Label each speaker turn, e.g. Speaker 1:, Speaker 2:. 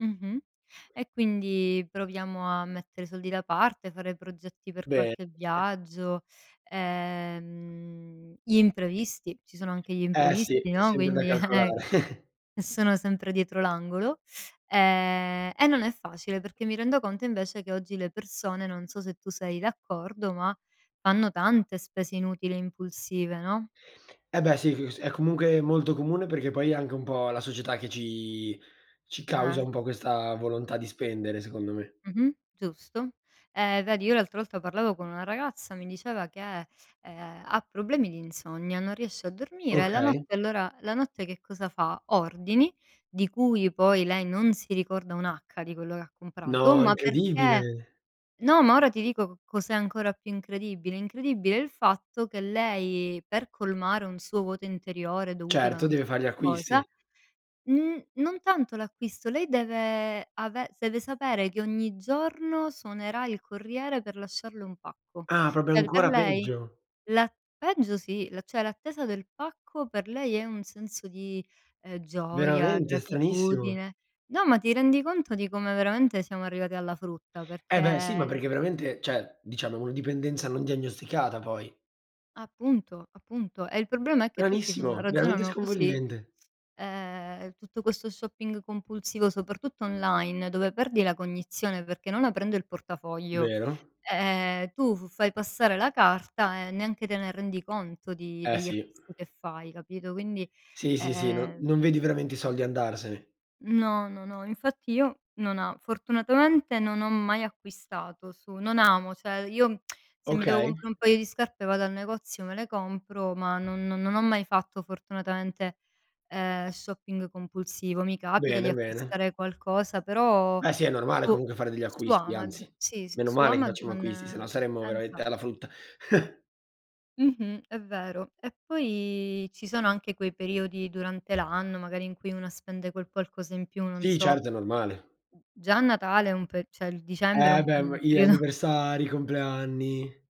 Speaker 1: Mh-mh e quindi proviamo a mettere soldi da parte, fare progetti per
Speaker 2: Be
Speaker 1: qualche
Speaker 2: [unintelligible]
Speaker 1: viaggio, ehm, gli imprevisti, ci sono anche gli
Speaker 2: Eh si,
Speaker 1: imprevisti,
Speaker 2: è
Speaker 1: no,
Speaker 2: sempre da
Speaker 1: quindi,
Speaker 2: calcolare.
Speaker 1: ch e sono sempre dietro l'angolo e e non è facile perché mi rendo conto invece che oggi le persone, non so se tu sei d'accordo, ma fanno tante spese inutili e impulsive, no?
Speaker 2: E beh sì c s è comunque molto comune perché poi è anche un po' la società che ci ci causa
Speaker 1: Eh.
Speaker 2: un po' questa volontà di spendere, secondo me.
Speaker 1: Mh-mh. Giusto. Ehm, vedi, io l'altra volta parlavo con una ragazza, mi diceva che, ehm, ha problemi di insonnia, non riesce a dormire e la
Speaker 2: Okay.
Speaker 1: notte allora la notte che cosa fa, ordini, di cui poi lei non si ricorda un'acca di quello che ha comprato,
Speaker 2: No,
Speaker 1: ma perché
Speaker 2: incredibile.
Speaker 1: no, ma ora ti dico co cos'è ancora più incredibile, incredibile il fatto che lei, per colmare un suo vuoto interiore dovuto da
Speaker 2: Certo,
Speaker 1: non
Speaker 2: deve
Speaker 1: so
Speaker 2: far gli
Speaker 1: che cosa,
Speaker 2: acquisti.
Speaker 1: n non tanto l'acquisto, lei deve ave deve sapere che ogni giorno suonerà il corriere per lasciarle un pacco.
Speaker 2: Ah proprio
Speaker 1: Per per
Speaker 2: ancora
Speaker 1: lei,
Speaker 2: peggio.
Speaker 1: la peggio sì, la cioè l'attesa del pacco per lei è un senso di, ehm, gioia,
Speaker 2: Veramente. Stranissimo.
Speaker 1: gratitudine. No, ma ti rendi conto di come veramente siamo arrivati alla frutta
Speaker 2: Eh beh sì, ma
Speaker 1: perché
Speaker 2: perché veramente, cioè diciamo è una dipendenza non diagnosticata, poi.
Speaker 1: Appunto. Appunto. E il problema è che tutti fanno
Speaker 2: Stranissimo, veramente
Speaker 1: ragionano così,
Speaker 2: sconvolgente.
Speaker 1: ehm, tutto questo shopping compulsivo, soprattutto online, dove perdi la cognizione perché non aprendo il portafoglio,
Speaker 2: Vero.
Speaker 1: ehm, tu f fai passare la carta e neanche te ne rendi conto di
Speaker 2: Ehm,
Speaker 1: degli
Speaker 2: sì.
Speaker 1: acquisti che fai, capito. Quindi
Speaker 2: Sì, sì, sì, no
Speaker 1: ehm
Speaker 2: non vedi veramente i soldi andarsene.
Speaker 1: No, no, no, infatti io non a fortunatamente non ho mai acquistato su non amo, cioè io se mi devo
Speaker 2: Okay.
Speaker 1: comprare un paio di scarpe vado al negozio, me le compro, ma non non ho mai fatto fortunatamente, ehm, shopping compulsivo, mi capita di
Speaker 2: Bene, bene.
Speaker 1: acquistare qualcosa, però
Speaker 2: Eh sì, è normale
Speaker 1: boh.
Speaker 2: comunque fare degli
Speaker 1: Su
Speaker 2: acquisti,
Speaker 1: Amaz
Speaker 2: anzi,
Speaker 1: si, si,
Speaker 2: meno
Speaker 1: su
Speaker 2: male che facciamo
Speaker 1: Amazon
Speaker 2: acquisti, sennò
Speaker 1: ehm,
Speaker 2: saremmo veramente
Speaker 1: infa
Speaker 2: alla frutta.
Speaker 1: Mh-mh, è vero, e poi ci sono anche quei periodi durante l'anno magari in cui una spende quel qualcosa in più, non
Speaker 2: Sì,
Speaker 1: so.
Speaker 2: certo è normale.
Speaker 1: Già a Natale è un per cioè l dicembre è
Speaker 2: Eh
Speaker 1: un,
Speaker 2: beh m
Speaker 1: mhmm,
Speaker 2: i
Speaker 1: periodo
Speaker 2: anniversari, i compleanni.